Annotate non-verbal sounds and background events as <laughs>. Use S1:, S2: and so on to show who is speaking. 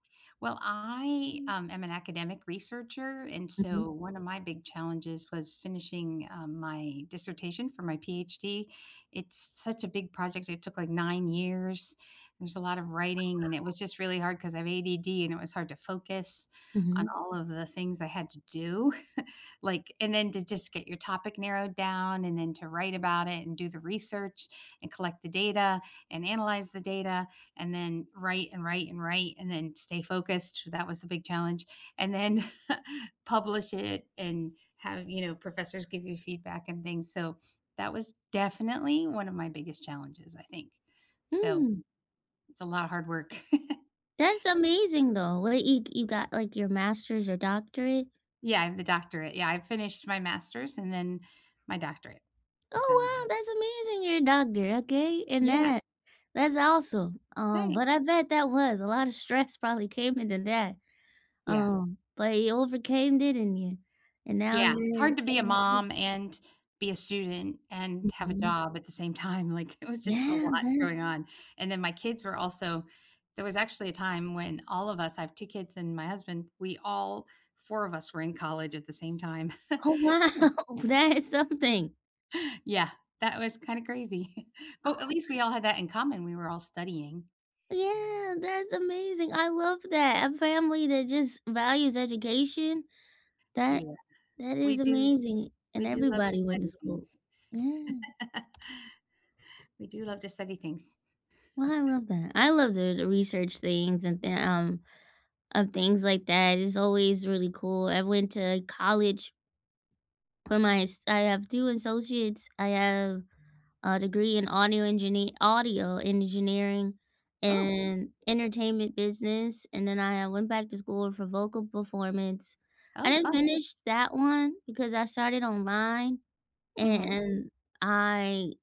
S1: Well, I,
S2: Mm.
S1: um, am an academic researcher, and so
S2: Mhm.
S1: one of my big challenges was finishing, uh, my dissertation for my PhD. It's such a big project, it took, like, 9 years. There's a lot of writing, and it was just really hard 'cause I have ADD, and it was hard to focus on
S2: Mhm.
S1: all of the things I had to do, <chuckles> like and then to just get your topic narrowed down, and then to write about it, and do the research, and collect the data, and analyze the data, and then write and write and write, and then stay focused, that was the big challenge and then <chuckles> publish it and have, you know, professors give you feedback and things, so that was definitely one of my biggest challenges, I think. So,
S2: Mm.
S1: it's a lot of hard work. <chuckles>
S2: That's amazing, though. Well, you you got, like, your master's or doctorate?
S1: Yeah, I have the doctorate. Yeah, I've finished my master's and then my doctorate, so yeah.
S2: Oh, wow, that's amazing! You're a doctor, okay, and
S1: Yeah.
S2: that that's awesome, um,
S1: Thanks.
S2: but I bet that was a lot of stress probably came into that,
S1: Yeah.
S2: um, but you overcame, didn't you? And now
S1: Yeah, it's
S2: you're
S1: hard to be a
S2: in the field.
S1: mom and be a student and have a
S2: Mhm.
S1: job at the same time. Like, it was just a
S2: Yeah.
S1: lot
S2: But
S1: going on, and then my kids were also there was actually a time when all of us I have 2 kids and my husband, we all 4 of us were in college at the same time, <chuckles>
S2: Oh, wow,
S1: <unintelligible>
S2: that is something.
S1: Yeah. That was kinda crazy. <chuckles> But at
S2: Oh
S1: least
S2: <unintelligible>
S1: we all had that in common, we were all studying.
S2: Yeah, that's amazing. I love that, a family that just values education. That
S1: Yeah.
S2: that
S1: We
S2: is
S1: do
S2: amazing, and
S1: we do love to
S2: everybody went to
S1: study
S2: school.
S1: things. <laughs>
S2: Yeah.
S1: We do love to study things.
S2: Well, I
S1: <chuckles>
S2: love that. I love doing the research things and the, um of things like that. It's always really cool. I went to college for my s I have 2 associates. I have a degree in audio enginee audio engineering
S1: Oh!
S2: and entertainment business, and then I, uh, went back to school for vocal performance. I
S1: Oh,
S2: didn't
S1: fun.
S2: finish that one because I started online, a
S1: Mhm.
S2: and I